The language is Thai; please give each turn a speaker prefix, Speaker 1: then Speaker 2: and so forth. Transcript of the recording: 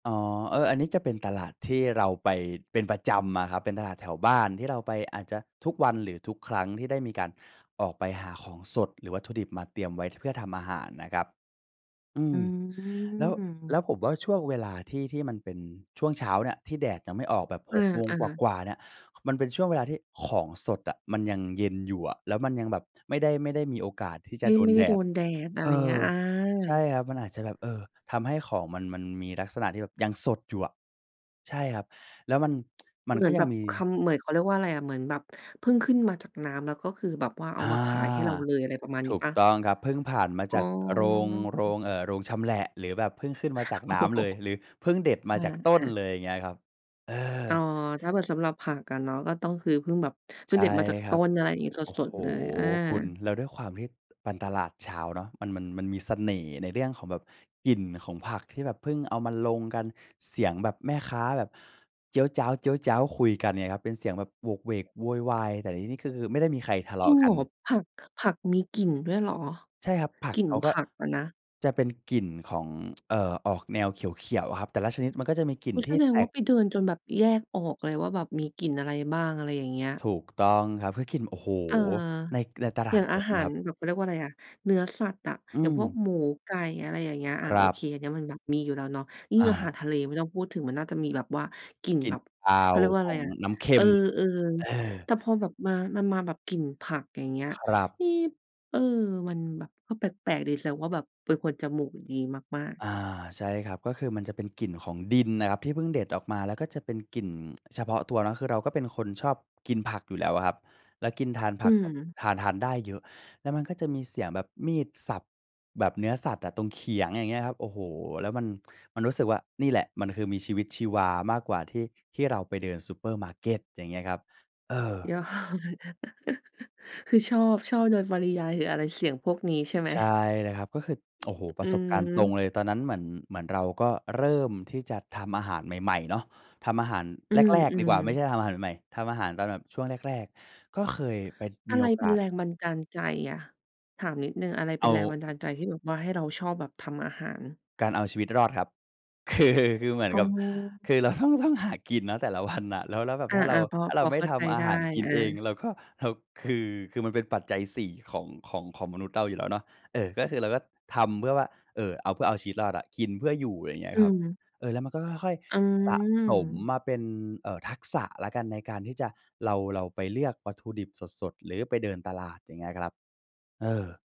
Speaker 1: อ๋อ เออ อันนี้จะเป็นตลาดที่เราไปเป็นประจำอะครับ เป็นตลาดแถวบ้านที่เราไปอาจจะทุกวัน หรือทุกครั้งที่ได้มีการออกไปหาของสด หรือวัตถุดิบมาเตรียมไว้ ท เพื่อทำอาหารนะครับ อื
Speaker 2: อ
Speaker 1: ม
Speaker 2: ื
Speaker 1: แล้ว แล้
Speaker 2: ม
Speaker 1: วผมว่าช่วงเวลาที่ ที่มันเป็นช่วงเช้าเนี่ย ที่แดดยังไม่ออกแบบ
Speaker 2: อ
Speaker 1: ห
Speaker 2: ื
Speaker 1: ก โมงก
Speaker 2: อ ๆ
Speaker 1: ว่า ๆ เนี่ย มันเป็นช่วงเวลาที่ของสดอะมันยังเย็นอยู่อะ แล้วมันยังแบบไม่ได้ ไม่ได้มีโอกาสที่จ
Speaker 2: ไม
Speaker 1: ะ
Speaker 2: ่
Speaker 1: โด
Speaker 2: ไ
Speaker 1: น
Speaker 2: ม่ไ
Speaker 1: แ
Speaker 2: ด
Speaker 1: ด
Speaker 2: ้โด
Speaker 1: ด
Speaker 2: นแดด อะไ
Speaker 1: เอ
Speaker 2: รเงี้
Speaker 1: อ
Speaker 2: ย อ
Speaker 1: ใช่
Speaker 2: า
Speaker 1: ครับ มันอาจจะแบบ เออ ทำให้ของมัน มันมีลักษณะที่แบบยังสดอยู่อะ ใช่ครับ แล้วมัน มัน
Speaker 2: เหม
Speaker 1: ก
Speaker 2: ือ
Speaker 1: ็
Speaker 2: น
Speaker 1: ย
Speaker 2: แ
Speaker 1: ั
Speaker 2: บ
Speaker 1: ง
Speaker 2: บ
Speaker 1: มี
Speaker 2: คำ เหมือน เขาเรียกว่าอะไรอะ เหมือนแบบเพิ่งขึ้นมาจากน้ำ แล้วก็คือแบบว่าเอ
Speaker 1: อ
Speaker 2: า
Speaker 1: า
Speaker 2: มาขายให้เราเลย อะไรประมาณน
Speaker 1: ถ
Speaker 2: ี้
Speaker 1: ู
Speaker 2: เ
Speaker 1: ก
Speaker 2: ปล่า?
Speaker 1: ต้องครับ เพิ่งผ่านมา
Speaker 2: อ
Speaker 1: จ
Speaker 2: ๋
Speaker 1: า
Speaker 2: อ
Speaker 1: ก เอ่อ โรง โรง เอ่อ โรงชำแหละ หรือแบบเพิ่งขึ้นมาจากน้ำเลย หรือเพิ่งเด็ดม
Speaker 2: อ
Speaker 1: าจากต้น
Speaker 2: า ๆ
Speaker 1: เลย อย่างเงี้ยครับ เออ
Speaker 2: อ๋อ ถ้าเผื่อสำหรับผักอะเนาะก็ต้อง คือเพิ่งแบบ เพ
Speaker 1: ใ
Speaker 2: ิ
Speaker 1: ช
Speaker 2: ่ง
Speaker 1: ่
Speaker 2: เด็ดมาจาก
Speaker 1: คร
Speaker 2: ต
Speaker 1: ั
Speaker 2: ้
Speaker 1: บ
Speaker 2: น อะไรอย่างงี้ ส
Speaker 1: โอ้โฮ
Speaker 2: ด ๆ เลย อา
Speaker 1: คุณ แล้วด้วยความที่ ปันตลาดเช้าเนาะ มัน มัน มันมีเสน่ห์ในเรื่องของแบบกลิ่นของผักที่แบบเพิ่งเอามาลงกัน เสียงแบบแม่ค้าแบบเจี๊ยวจ๊าว ๆ คุยกันเนี่ยครับ เป็นเสียงแบบโหวกเหวกโวยวาย แต่ในที่นี้คือไม่ได้มีใครทะเล
Speaker 2: จ
Speaker 1: า
Speaker 2: ริ
Speaker 1: ะ
Speaker 2: ง
Speaker 1: ก
Speaker 2: เห
Speaker 1: ั
Speaker 2: ร
Speaker 1: น
Speaker 2: อ? ผัก ผักมีกลิ่นด้วยเหรอ
Speaker 1: ใช่ครับ ผัก
Speaker 2: กลิ่น
Speaker 1: เขาก
Speaker 2: ผ
Speaker 1: ็
Speaker 2: ักอะนะ?
Speaker 1: จะเป็นกลิ่นของ เอ่อ ออกแนวเขียว ๆ ครับ แต่ละชนิดมันก็จะมีกลิ่น
Speaker 2: งั้น
Speaker 1: ท
Speaker 2: แ
Speaker 1: ี
Speaker 2: ส
Speaker 1: ่
Speaker 2: ด
Speaker 1: แต
Speaker 2: งว่า
Speaker 1: ก
Speaker 2: ไปเดินจนแบบแยกออกเลยว่าแบบมีกลิ่นอะไรบ้าง อะไรอย่างเงี้ย
Speaker 1: ถูกต้องครับเพื่อกิน โอ้โฮ
Speaker 2: เออ
Speaker 1: ใน ในตล
Speaker 2: อ
Speaker 1: า
Speaker 2: ย่
Speaker 1: ด
Speaker 2: าง
Speaker 1: ส
Speaker 2: อา
Speaker 1: ด
Speaker 2: หา
Speaker 1: ค
Speaker 2: ร
Speaker 1: รับ
Speaker 2: แบบ เขาเรียกว่าอะไรอะ เนื้อสัตว์อะ
Speaker 1: อื
Speaker 2: อย่างพวก
Speaker 1: ม
Speaker 2: หมู ไก่ อะไรอย่างเงี้ย อา
Speaker 1: คร
Speaker 2: โอ
Speaker 1: ั
Speaker 2: เค
Speaker 1: บ
Speaker 2: อันนี้มันแบบมีอยู่แล้วเนาะ ยิ่
Speaker 1: อ
Speaker 2: งอาหาร
Speaker 1: า
Speaker 2: ทะเลไม่ต้องพูดถึงมันน่าจะมีแบบว่ากลิ่น
Speaker 1: กลิ
Speaker 2: แ
Speaker 1: ่
Speaker 2: บ
Speaker 1: น
Speaker 2: บ
Speaker 1: คา
Speaker 2: เขา
Speaker 1: ว
Speaker 2: เรียกว่า
Speaker 1: ข
Speaker 2: อะไ
Speaker 1: อ
Speaker 2: ร
Speaker 1: ง
Speaker 2: อะ
Speaker 1: น้ำเค
Speaker 2: เ
Speaker 1: ็
Speaker 2: ออ
Speaker 1: ม เออ
Speaker 2: ๆ แต่พอแบบมา มันมาแบบกลิ่นผัก อย่างเงี้ย
Speaker 1: ครับ
Speaker 2: นี่ เออ มันแบบก็แปลก ๆ ดี แสดงว่าแบบเป็นคนจมูกดีมาก ๆ
Speaker 1: อา ใช่ครับ ก็คือมันจะเป็นกลิ่นของดินน่ะครับที่เพิ่งเด็ดออกมา แล้วก็จะเป็นกลิ่น เฉพาะตัวเนาะ คือเราก็เป็นคนชอบกินผักอยู่แล้วอะครับ แล้วกิน ทานผ
Speaker 2: อื
Speaker 1: ักแบบ
Speaker 2: ม
Speaker 1: ทาน ทานได้เยอะ แล้วมันก็จะมีเสียงแบบมีดสับแบบเนื้อสัตว์อะตรงเขียง อย่างเงี้ยครับ โอ้โฮ แล้วมัน มันรู้สึกว่า "นี่แหละมันคือมีชีวิตชีวามากกว่าที่ ที่เราไปเดินซูเปอร์มาร์เก็ต" อย่างเงี้ยครับ เออ
Speaker 2: ยอด คือชอบ ชอบโดยปริยาย หรืออะไร เสี่ยงพวกนี้ใช่ไหม?
Speaker 1: ใช่นะครับก็คือ โอ้โฮ ป
Speaker 2: อ
Speaker 1: ร
Speaker 2: ื
Speaker 1: ะสบการณ์ตรง
Speaker 2: ม
Speaker 1: เลย ตอนนั้นเหมือน เหมือนเราก็เริ่มที่จะทำอาหารใหม่ ๆ เนาะ ทำอาหาร
Speaker 2: อื
Speaker 1: แรก ๆ ดีกว่
Speaker 2: ม
Speaker 1: าไม่
Speaker 2: ๆ
Speaker 1: ใช่ทำอาหารใหม่ ๆ ทำอาหารตอนแบบช่วงแรก ๆ ก็เคยไป
Speaker 2: อ
Speaker 1: ม
Speaker 2: ะ
Speaker 1: ี
Speaker 2: ไร
Speaker 1: โอ
Speaker 2: เ
Speaker 1: ก
Speaker 2: ป็น
Speaker 1: าส
Speaker 2: แรงบันดาลใจอะ ถามนิดหนึ่ง อะไรเ
Speaker 1: เ
Speaker 2: ป
Speaker 1: อ
Speaker 2: ็น
Speaker 1: า
Speaker 2: แรงบันดาลใจที่แบบว่าให้เราชอบแบบทำอาหาร?
Speaker 1: การเอาชีวิตรอดครับ คือ คือเหมือน
Speaker 2: อ๋
Speaker 1: ก
Speaker 2: อ
Speaker 1: ับ คือ เราต้อง ต้องหากินนะแต่ละ วัน น่ะ แล้ว แล้วแบบ
Speaker 2: อา
Speaker 1: ถ้าเรา
Speaker 2: ๆ พอ
Speaker 1: ถ้าเ
Speaker 2: พ
Speaker 1: รา
Speaker 2: อ
Speaker 1: ไม่
Speaker 2: เข้า
Speaker 1: ท
Speaker 2: ใจ
Speaker 1: ำอา
Speaker 2: ได้
Speaker 1: หารกิน
Speaker 2: อ
Speaker 1: เอง
Speaker 2: า
Speaker 1: เราก็ เราคือ คือมันเป็นปัจจัย 4 ของ ของ ของมนุษย์เราอยู่แล้วเนาะ เอ่อ ก็คือเราก็ทำเพื่อว่า เอ่อ เอา เพื่อเอาชีวิตรอดอะ กินเพื่ออยู่ ไรเงี้
Speaker 2: อ
Speaker 1: ย
Speaker 2: ื
Speaker 1: ครับ
Speaker 2: ม
Speaker 1: เออ แล้วมันก็ค่อย
Speaker 2: อื
Speaker 1: ๆ สะสม
Speaker 2: ม
Speaker 1: มาเป็น เอ่อ ทักษะแล้วกันในการที่จะ เรา เราไปเลือกวัตถุดิบสด ๆ หรือไปเดินตลาด อย่างเงี้ยครับ เออ